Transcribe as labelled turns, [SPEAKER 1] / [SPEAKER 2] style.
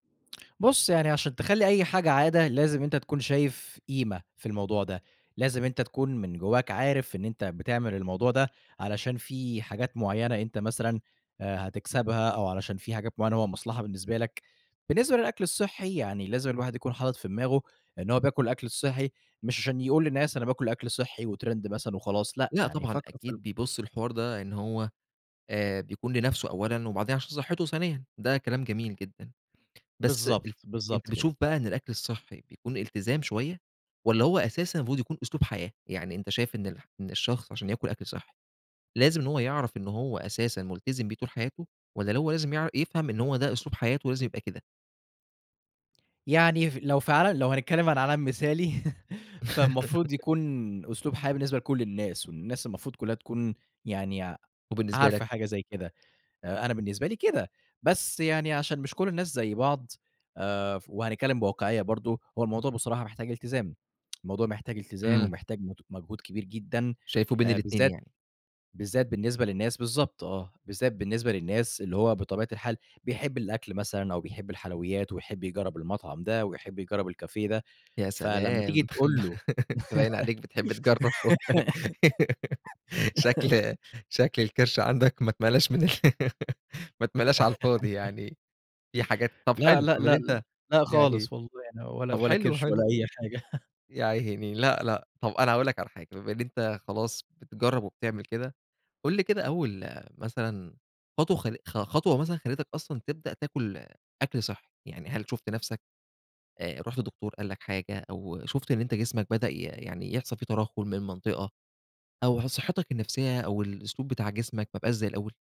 [SPEAKER 1] بُص، يعني عشان تخلّي أي حاجة عادة، لازم أنت تكون شايف قيمة في الموضوع ده. لازم أنت تكون من جوّاك عارف إن أنت بتعمل الموضوع ده علشان في حاجات معيّنة أنت مثلًا آآ هتكسبها، أو علشان في حاجات معيّنة هو مصلحة بالنسبة لك. بالنسبة للأكل الصحّي، يعني لازم الواحد يكون حاطط في دماغه إن هو بياكل الأكل الصحّي مش عشان يقول للناس أنا باكل أكل صحّي وترند مثلًا وخلاص لأ،
[SPEAKER 2] لأ
[SPEAKER 1] يعني
[SPEAKER 2] طبعًا،
[SPEAKER 1] فكّر في
[SPEAKER 2] أكيد
[SPEAKER 1] ال
[SPEAKER 2] بيبُص للحوار ده إن هو آآ بيكون لنفسه أولًا، وبعدين عشان صحّته ثانيًا ده كلام جميل جدًا. بس أ
[SPEAKER 1] بالضبط،
[SPEAKER 2] أنت
[SPEAKER 1] بالضبط
[SPEAKER 2] بتشوف
[SPEAKER 1] كده.
[SPEAKER 2] بقى إن الأكل الصحّي بيكون التزام شوية، والّا هو أساسًا المفروض يكون أسلوب حياة؟ يعني أنت شايف إن الح إن الشخص عشان ياكل أكل صحّي، لازم إن هو يعرف إن هو أساسًا ملتزم بيه طول حياته؟ والّا هو لازم يع يفهم إن هو ده أسلوب حياته لازم يبقى كده؟
[SPEAKER 1] يعني ف لو في عال لو هنتكلّم عن عالم مثالي فالمفروض يكون أسلوب حياة بالنسبة لكل الناس، والناس المفروض كُلّها تكون يعني
[SPEAKER 2] وبالنسبة لك؟
[SPEAKER 1] عارفة حاجة زي كده. أ أنا بالنسبة لي كده. بس يعني عشان مش كل الناس زي بعض آآ ف وهنتكلّم بواقعية برضه، هو الموضوع بصراحة محتاج التزام، الموضوع محتاج التزام
[SPEAKER 2] إمم.
[SPEAKER 1] ومحتاج مت مجهود كبير جدًا.
[SPEAKER 2] شايفه بين
[SPEAKER 1] آآ
[SPEAKER 2] الاتنين
[SPEAKER 1] بالذات
[SPEAKER 2] يعني.
[SPEAKER 1] بالذات بالنسبة للناس بالضبط آه. بالذات بالنسبة للناس اللي هو بطبيعة الحال بيحب الأكل مثلًا أو بيحب الحلويات، ويحب يجرّب المطعم ده ويحب يجرّب الكافيه ده.
[SPEAKER 2] يا
[SPEAKER 1] فلمّا تيجي
[SPEAKER 2] سلام!
[SPEAKER 1] تقول له
[SPEAKER 2] أنت باين عليك بتحب تجرّبه شكل شكل الكِرش عندك ما اتملاش من ال ما اتملاش على الفاضي. يعني في حاجات طب
[SPEAKER 1] لأ،
[SPEAKER 2] حلو،
[SPEAKER 1] لأ،
[SPEAKER 2] أومال
[SPEAKER 1] لأ ل
[SPEAKER 2] أنت
[SPEAKER 1] لأ
[SPEAKER 2] يعني
[SPEAKER 1] خالص والله ولا
[SPEAKER 2] طب
[SPEAKER 1] ولا
[SPEAKER 2] حلو،
[SPEAKER 1] كِرش ولا
[SPEAKER 2] حلو.
[SPEAKER 1] أي حاجة
[SPEAKER 2] ياعيني لأ، لأ طب أنا هاقول لك على حاجة بما إن أنت خلاص بتجرّب وبتعمل كده. قُل لي كده أول مثلًا خطوة خـل خ خطوة مثلًا خلّتك أصلًا تبدأ تاكل أكل صحّي؟ يعني هل شُفت نفسك، آآ رُحت لدكتور قال لك حاجة أو شُفت إن أنت جسمك بدأ ي يعني يحصل في ترَهُّل من منطقة، أو ح صحّتك النفسية أو الأسلوب بتاع جسمك ما بقاش زي الأول؟